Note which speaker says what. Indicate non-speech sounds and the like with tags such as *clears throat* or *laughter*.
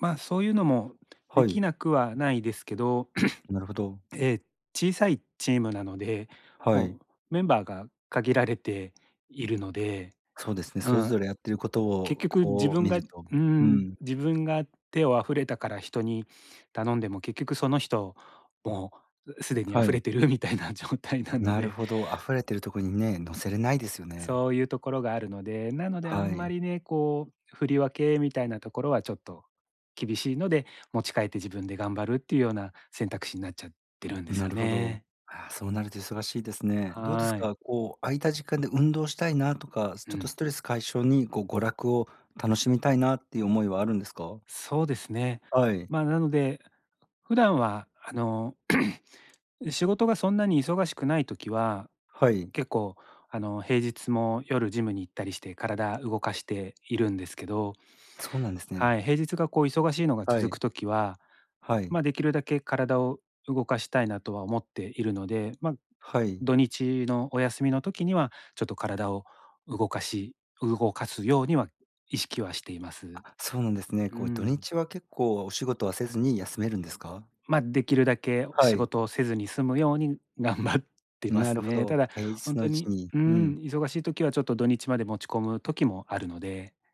Speaker 1: まあ、そういうのも出
Speaker 2: は
Speaker 1: 来
Speaker 2: い。
Speaker 1: なくはないですけど。
Speaker 2: なるほ
Speaker 1: *clears throat*
Speaker 2: ど。
Speaker 1: ええ、小さいチームなので、
Speaker 2: はい。
Speaker 1: もうメンバーが限られているので、
Speaker 2: そうですね。
Speaker 1: う
Speaker 2: それ
Speaker 1: ん。
Speaker 2: ぞれやってる事
Speaker 1: 結
Speaker 2: を
Speaker 1: 局自
Speaker 2: こう
Speaker 1: 分
Speaker 2: 見
Speaker 1: が
Speaker 2: る
Speaker 1: う
Speaker 2: と。
Speaker 1: ー
Speaker 2: う
Speaker 1: ん、
Speaker 2: ん。
Speaker 1: 自分が手を溢れたから人に頼んでも、結局その人もう既に
Speaker 2: は
Speaker 1: 溢れ
Speaker 2: い。
Speaker 1: てるみたいな状態なの
Speaker 2: なる
Speaker 1: で。
Speaker 2: ほど。あふれてるところにね、のせれないですよね。
Speaker 1: そういう所があるので。なので、あ
Speaker 2: は
Speaker 1: んま
Speaker 2: い。
Speaker 1: りね、こう、振り分けみたいなところはちょっと厳しいので、持ち帰って自分で頑張るっていうような選択肢になっちゃってるんです
Speaker 2: な
Speaker 1: よ
Speaker 2: るほど。
Speaker 1: ね。
Speaker 2: ああ、そうなると忙しいですね。どうです
Speaker 1: はーい。
Speaker 2: か、こう、空いた時間で運動したいなとか、ち
Speaker 1: う
Speaker 2: ょっと
Speaker 1: ん。
Speaker 2: ストレス解消にこう娯楽を楽しみたいなっていう思いはあるんですか。
Speaker 1: そうですね。
Speaker 2: はい。
Speaker 1: まあ、なので、普段は、あの、*clears throat* 仕事がそんなに忙しくない時は、
Speaker 2: はい。
Speaker 1: 結構、あの、平日も夜ジムに行ったりして体動かしているんですけど。
Speaker 2: そうなんですね。
Speaker 1: はい。平日がこう忙しいのが
Speaker 2: は
Speaker 1: 続
Speaker 2: い。
Speaker 1: く時は、
Speaker 2: はい。
Speaker 1: まあ、出来るだけ体を動かしたいなとは思っているので、まあ、
Speaker 2: はい。
Speaker 1: 土日のお休みの時には、ちょっと体を動かし動かすようには意識はしています。
Speaker 2: あ、そうなんですね。
Speaker 1: うー
Speaker 2: こう、土
Speaker 1: ん。
Speaker 2: 日は結構お仕事はせずに休めるんですか。
Speaker 1: まあ、出来るだけ
Speaker 2: は
Speaker 1: 仕
Speaker 2: い。
Speaker 1: 事をせずにすむように頑張ってま
Speaker 2: な
Speaker 1: す
Speaker 2: るほ
Speaker 1: ね。た
Speaker 2: ど。
Speaker 1: だ、
Speaker 2: 平日
Speaker 1: 本
Speaker 2: の
Speaker 1: 当
Speaker 2: うち
Speaker 1: に
Speaker 2: に、
Speaker 1: う
Speaker 2: う
Speaker 1: ん、
Speaker 2: ん。
Speaker 1: 忙しい時はちょっと土日まで持ち込む時もあるので。